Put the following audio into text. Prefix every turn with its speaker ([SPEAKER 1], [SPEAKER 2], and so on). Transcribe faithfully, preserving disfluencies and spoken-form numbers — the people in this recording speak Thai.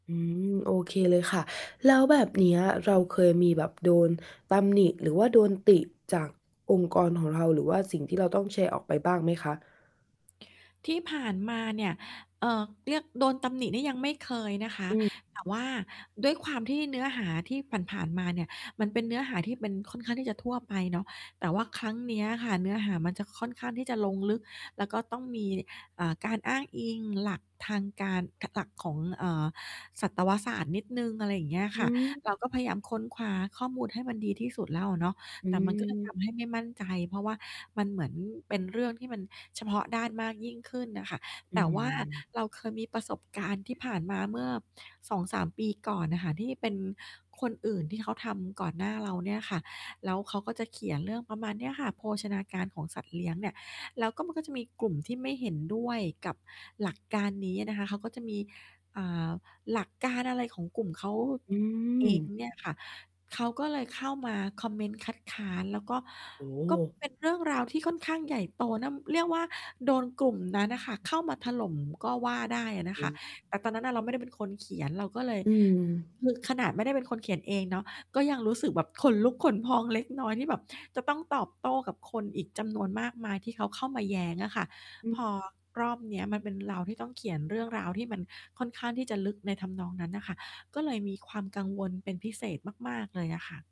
[SPEAKER 1] อืม โอเคเลยค่ะ แล้วแบบเนี้ยเราเคยมีแบบโดนตำหนิ หรือว่าโดนติจากองค์กรของเรา หรือว่าสิ่งที่เราต้องแชร์ออกไปบ้างไหมคะ?
[SPEAKER 2] ที่ผ่านมาเนี่ย เอ่อ เรียก โดนตำหนินี่ยังไม่เคยนะคะ
[SPEAKER 1] อืม
[SPEAKER 2] แต่ว่าด้วยความที่เนื้อหาที่ผ่าน ๆ มาเนี่ย มันเป็นเนื้อหาที่เป็นค่อนข้างที่จะทั่วไปเนาะ แต่ว่าครั้งเนี้ยค่ะ เนื้อหามันจะค่อนข้างที่จะลงลึก แล้วก็ต้องมี อ่า การอ้างอิงหลักทางการ หลักของ เอ่อ สัตวศาสตร์นิดหนึ่ง อะไรอย่างเงี้ย
[SPEAKER 1] อ
[SPEAKER 2] ค
[SPEAKER 1] ื
[SPEAKER 2] ่ะ เรา
[SPEAKER 1] ม
[SPEAKER 2] ก็ พยายามค้นคว้าข้อมูลให้มันดีที่สุดแล้วอะเนาะ
[SPEAKER 1] อื
[SPEAKER 2] แต่มัน ก็จะท
[SPEAKER 1] ม
[SPEAKER 2] ำ ให้ไม่มั่นใจ เพราะว่ามันเหมือนเป็นเรื่องที่มันเฉพาะด้านมากยิ่งขึ้นน่ะค่ะ
[SPEAKER 1] อื
[SPEAKER 2] แต่ว่า
[SPEAKER 1] ม
[SPEAKER 2] เราเคยมีประสบการณ์ที่ผ่านมาเมื่อ สองสาม ปีก่อนน่ะค่ะ ที่เป็นคนอื่นที่เขาทำก่อนหน้าเราเนี่ยค่ะ แล้วเขาก็จะเขียนเรื่องประมาณเนี้ยค่ะ โภชนาการของสัตว์เลี้ยงเนี่ย แล้วก็มันก็จะมีกลุ่มที่ไม่เห็นด้วยกับหลักการนี้อะนะคะ เขาก็จะมี อ่า หลักการอะไรของกลุ่มเขา
[SPEAKER 1] อื
[SPEAKER 2] เอง
[SPEAKER 1] ม
[SPEAKER 2] เนี่ยค่ะ เขาก็เลยเข้ามาคอมเมนต์คัดค้าน แล้ว ก็
[SPEAKER 1] โอ้โ
[SPEAKER 2] ก็
[SPEAKER 1] ฮ
[SPEAKER 2] เป็น เรื่องราวที่ค่อนข้างใหญ่โตนะ เรียกว่า โดนกลุ่มนั้นอะค่ะเข้ามาถล่มก็ว่าได้อะนะคะ
[SPEAKER 1] อือ
[SPEAKER 2] แต่ตอนนั้นน่ะเราไม่ได้เป็นคนเขียน เราก็เลย
[SPEAKER 1] อืม
[SPEAKER 2] คือขนาดไม่ได้เป็นคนเขียนเองเนาะ ก็ยังรู้สึกแบบขนลุกขนพองเล็กน้อย ที่แบบจะต้องตอบโต้กับคนอีกจำนวนมากมาย ที่เขาเข้ามาแย้งอะค่ะ
[SPEAKER 1] อื
[SPEAKER 2] พ
[SPEAKER 1] อ
[SPEAKER 2] อรอบเนี้ยมันเป็นเราที่ต้องเขียนเรื่องราว ที่มันค่อนข้างที่จะลึกในทำนองนั้นน่ะค่ะ ก็เลยมีความกังวลเป็นพิเศษมาก ๆ เลยอะค่ะ